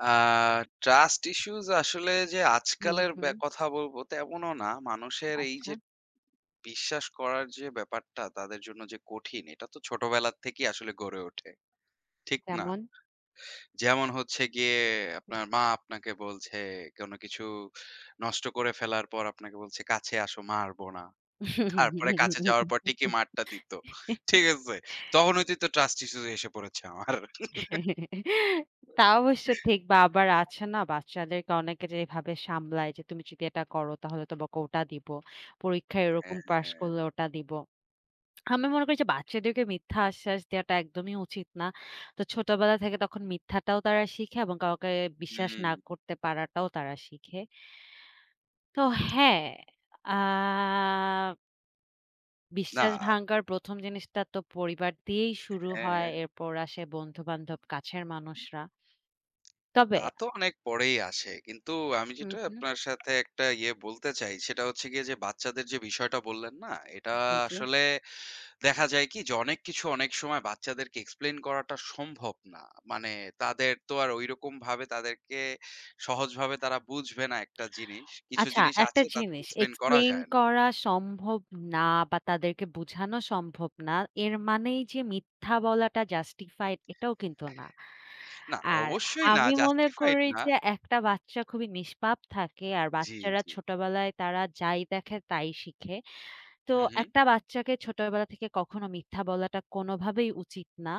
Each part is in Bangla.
আ Trust Issues আসলে যে, হু, আজকালের ব্যা হু। কথা বলব তেমনও না। মানুষের এই আচ্ছা। যে বিশ্বাস করার যে ব্যাপারটা, তাদের জন্য যে কঠিন, এটা তো ছোটবেলা থেকেই আসলে গড়ে ওঠে, ঠিক না? তেমন? যেমন হচ্ছে গিয়ে, আপনার মা আপনাকে বলছে, কোন কিছু নষ্ট করে ফেলার পর আপনাকে বলছে, "কাছে আসো মারব না।" তারপরে কাছে যাওয়ার পর ঠিকই মারটা দিত। ঠিক আছে? তখন হইতেই তো Trust Issues এসে পড়েছে আমার। তা অবশ্যই ঠিক। বা আবার আছে না? বাচ্চাদেরকে অনেকে যে এভাবে সামলায় যে, তুমি যদি এটা করো তাহলে তোমাকে ওটা দিব, পরীক্ষায় হ্যাঁ, এরকম পাস হ্যাঁ। করলে ওটা দিব। আমি মনে করি যে, বাচ্চাদেরকে মিথ্যা আশ্বাস দেওয়াটা একদমই উচিত না। তো ছোটবেলা থেকে তখন মিথ্যাটাও তারা শিখে এবং কাউকে হু, বিশ্বাস না হুম। করতে পারাটাও তারা শিখে। তো হ্যাঁ। আ বিশ্বাস না। ভাঙ্গার ১ম জিনিসটা তো পরিবার দিয়েই শুরু হয়, হ্যাঁ। এর পর আসে বন্ধুবান্ধব, কাছের মানুষরা। তবে তা তো অনেক পরেই আসে। কিন্তু আমি হু, যেটা হু। আপনার সাথে ১ টা ইয়ে বলতে চাই, সেটা হচ্ছে গিয়ে যে, বাচ্চাদের যে বিষয়টা বললেন না? এটা জি, জি। আসলে দেখা যায় কি? যে, অনেক কিছু অনেক সময় বাচ্চাদেরকে Explain করাটা সম্ভব না। মানে তাদের তো আর ঐরকম ভাবে তাদেরকে, সহজভাবে তারা বুঝবে না ১ টা জিনিস। কিছু আচ্ছা, জিনিস ১ টা আছে তাদেরকে জিনিস Explain করা Explain যায় না। করা সম্ভব না বা তাদেরকে বুঝানো সম্ভব না। এর মানেই যে মিথ্যা বলাটা Justified এটাও কিন্তু না। না, আর অবশ্যই না। আমি মনে Justified করি না। যে, ১ টা বাচ্চা খুবই নিষ্পাপ থাকে, আর জি, বাচ্চারা জি। ছোটবেলায় তারা যাই দেখে, তাই শিখে। তো হু, ১ হু। টা বাচ্চাকে ছোটবেলা থেকে কখনো মিথ্যা বলাটা, কোনভাবেই উচিত না।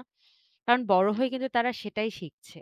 কারণ বড় হু, হয়ে হু। কিন্তু তারা সেটাই শিখছে।